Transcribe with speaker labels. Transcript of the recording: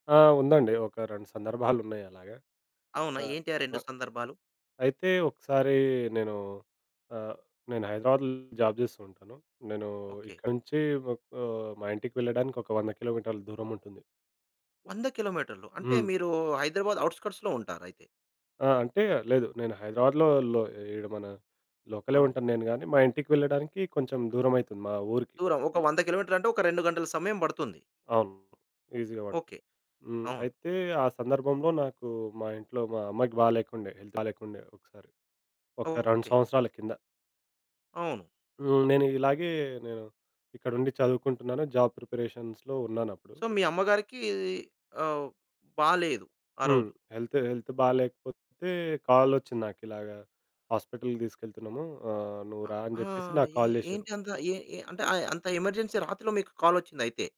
Speaker 1: ఆ! ఉందండి. ఒక 2 సందర్భాలున్నాయి అలాగ.
Speaker 2: అవునా?
Speaker 1: ఆ!
Speaker 2: ఏంటి ఆ 2
Speaker 1: అహా!
Speaker 2: సందర్భాలు?
Speaker 1: అయితే ఒకసారి నేను ఆహ్, నేను హైదరాబాద్‌లో జాబ్ చేస్తూ ఉంటాను. నేను
Speaker 2: ఓకె.
Speaker 1: ఇక్కడి నుంచి ఒక్ ఆహ్, మా ఇంటికి వెళ్ళడానికి ఒక 100 కిలోమీటర్ల దూరముంటుంది.
Speaker 2: 100 కిలోమీటర్లు. అంటే
Speaker 1: హ్మ్.
Speaker 2: మీరు హైదరాబాద్ ఔట్‌స్కర్ట్స్‌లో ఉంటారయితే.
Speaker 1: ఆ! అంటే లేదు నేను హైదరాబాద్‌లో లో ఈడ మన లోకలే
Speaker 2: అవును.
Speaker 1: ఉంటాను నేను గాని, మా ఇంటికి వెళ్ళడానికి కొంచెం దూరమైతుంది మా ఊరికి.
Speaker 2: దూరం ఒక 100 కిలోమీటర్లు, అంటే ఒక 2 గంటల సమయం బడుతుంది.
Speaker 1: అవును. ఈజీగా పడుతుంది.
Speaker 2: ఓకె.
Speaker 1: హ్మ్,
Speaker 2: అవును.
Speaker 1: అయితే ఆ సందర్భంలో నాకు మా ఇంట్లో, మా అమ్మాయికి బాలేకుండే, హెల్త్ బాలేకుండే ఒకసారి, ఒక 2
Speaker 2: ఓకె.
Speaker 1: సంవత్సరాల కింద.
Speaker 2: అవును.
Speaker 1: హ్మ్, నేను ఇలాగే నేను ఇక్కడుండి చదువుకుంటున్నాను, జాబ్ ప్రిపరేషన్స్‌లో ఉన్నానప్పుడు.
Speaker 2: సో మీ అమ్మగారికీ ఆహ్, బాలేదు
Speaker 1: హ్మ్.
Speaker 2: ఆరోజు.
Speaker 1: హెల్త్, హెల్త్ బాలేకపోతే కాలొచ్చింది నాకు ఇలాగా, "హాస్పిటల్‌కి తీసుకెళ్తున్నాము ఆహ్, నువ్వు
Speaker 2: అ!
Speaker 1: రా అని
Speaker 2: ఆ!
Speaker 1: చెప్పేసి," నాకు
Speaker 2: ఏ
Speaker 1: కాల్ జేషిరు.
Speaker 2: ఏంటి అంత ఏ ఏ అంటే ఆహ్, అంత ఎమర్జెన్సీ రాత్రిలో మీకు కాలొచ్చింది అయితే.